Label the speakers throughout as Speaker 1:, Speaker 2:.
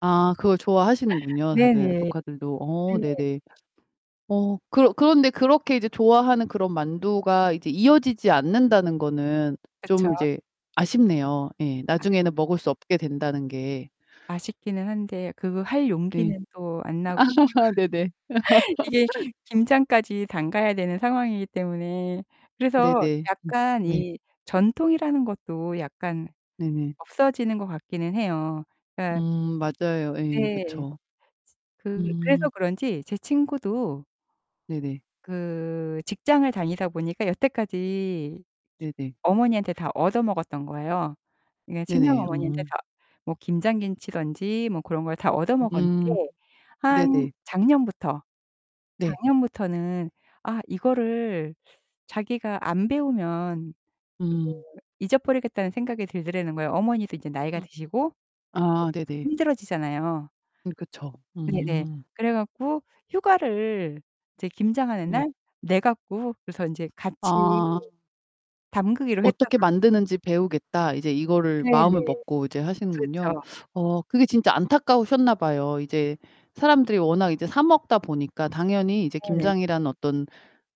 Speaker 1: 아 그걸 좋아하시는군요, 다들
Speaker 2: 네네.
Speaker 1: 조카들도. 어
Speaker 2: 네.
Speaker 1: 네네. 어 그러 그런데 그렇게 이제 좋아하는 그런 만두가 이제 이어지지 않는다는 거는
Speaker 2: 그쵸.
Speaker 1: 좀 이제 아쉽네요. 예.
Speaker 2: 그게
Speaker 1: 나중에는 먹을 수 없게 된다는 게.
Speaker 2: 아쉽기는 한데 그 그 할
Speaker 1: 네.
Speaker 2: 용기는 또 안 나고
Speaker 1: 네네.
Speaker 2: 이게 김장까지 담가야 되는 상황이기 때문에 그래서
Speaker 1: 네네. 음
Speaker 2: 약간
Speaker 1: 네.
Speaker 2: 이 전통이라는 것도 약간
Speaker 1: 네네.
Speaker 2: 없어지는 것 같기는 해요. 그러니까
Speaker 1: 음 맞아요. 예.
Speaker 2: 네.
Speaker 1: 그쵸.
Speaker 2: 그르 그래서
Speaker 1: 음.
Speaker 2: 그런지 제 친구도
Speaker 1: 네네.
Speaker 2: 그 직장을 다니다 보니까 여태까지 기
Speaker 1: 네네.
Speaker 2: 어머니한테 다 얻어 먹었던 거예요. 그러니까 친정
Speaker 1: 네네.
Speaker 2: 어머니한테
Speaker 1: 음.
Speaker 2: 다 뭐 김장 김치든지 뭐 그런 걸 다 얻어
Speaker 1: 음.
Speaker 2: 먹었는데 한
Speaker 1: 네네.
Speaker 2: 작년부터,
Speaker 1: 네.
Speaker 2: 작년부터는 아 이거를 자기가 안 배우면 그거
Speaker 1: 음.
Speaker 2: 잊어버리겠다는 생각이 들더라는 거예요. 어머니도 이제 나이가
Speaker 1: 음.
Speaker 2: 드시고
Speaker 1: 아
Speaker 2: 네.
Speaker 1: 네네.
Speaker 2: 힘들어지잖아요.
Speaker 1: 네. 그쵸.
Speaker 2: 네네.
Speaker 1: 음.
Speaker 2: 그래 갖고 휴가를 이제 김장하는
Speaker 1: 네.
Speaker 2: 날 내 갖고 그래서 이제 같이
Speaker 1: 아.
Speaker 2: 담그기로 했다
Speaker 1: '어떻게
Speaker 2: 그러더라고요.
Speaker 1: 만드는지 배우겠다.' 이제 이거를
Speaker 2: 네 네.
Speaker 1: 마음을 먹고 이제 하시는군요.
Speaker 2: 그렇죠.
Speaker 1: 어 그게 진짜 안타까우셨나 봐요. 이제 사람들이 워낙 이제 사 먹다 보니까 당연히 이제
Speaker 2: 네네.
Speaker 1: 김장이라는 어떤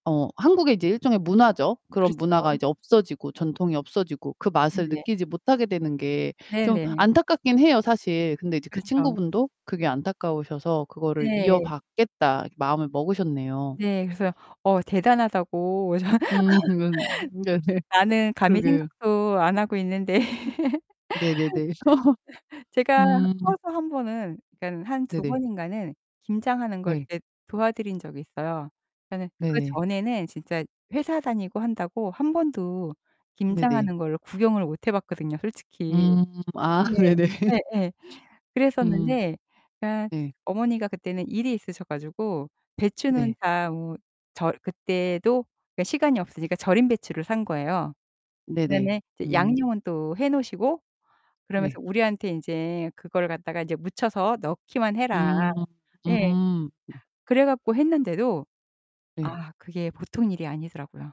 Speaker 1: 어 한국의 이제 일종의 문화죠. 그런 문화가
Speaker 2: 그렇죠.
Speaker 1: 이제 없어지고 전통이 없어지고 그 맛을
Speaker 2: 네네.
Speaker 1: 느끼지 못하게 되는 게 좀
Speaker 2: 네네.
Speaker 1: 안타깝긴 해요, 사실. 근데 이제 그
Speaker 2: 그렇죠.
Speaker 1: 친구분도 그게 안타까우셔서 '그거를
Speaker 2: 네.
Speaker 1: 이어받겠다.' 마음을 먹으셨네요.
Speaker 2: 네. 그래서 어 대단하다고 전
Speaker 1: 음 그건 네네.
Speaker 2: 나는 감히
Speaker 1: 그러게요.
Speaker 2: 생각도 안 하고 있는데.
Speaker 1: 네네네.
Speaker 2: 제가
Speaker 1: 음.
Speaker 2: 커서 1 번은 그러니까는 한 2
Speaker 1: 네네.
Speaker 2: 번인가는 김장하는 걸
Speaker 1: 네.
Speaker 2: 이렇게 도와드린 적이 있어요. 그러니까는
Speaker 1: 네 네.
Speaker 2: 그전에는 진짜 회사 다니고 한다고 1 번도
Speaker 1: 네 네.
Speaker 2: 김장하는 거를 구경을 못 해봤거든요, 솔직히.
Speaker 1: 음. 아
Speaker 2: 네.
Speaker 1: 네네.
Speaker 2: 예예.
Speaker 1: 음.
Speaker 2: 그랬었는데 그러니까
Speaker 1: 네.
Speaker 2: 어머니가 그때는 일이 있으셔 가지고 배추는
Speaker 1: 네.
Speaker 2: 다 뭐 절 그때도 그러니까 시간이 없으니까 절인 배추를 산 거예요.
Speaker 1: 네네.
Speaker 2: 그다음에 이제
Speaker 1: 음.
Speaker 2: 양념은 또 해 놓으시고 그러면서
Speaker 1: 네.
Speaker 2: 우리한테 인제 "그거를 갖다가 이제 묻혀서 넣기만 해라."
Speaker 1: 음.
Speaker 2: 예.
Speaker 1: 음.
Speaker 2: 그래 갖고 했는데도
Speaker 1: 네.
Speaker 2: 아 그게 보통 일이 아니더라고요.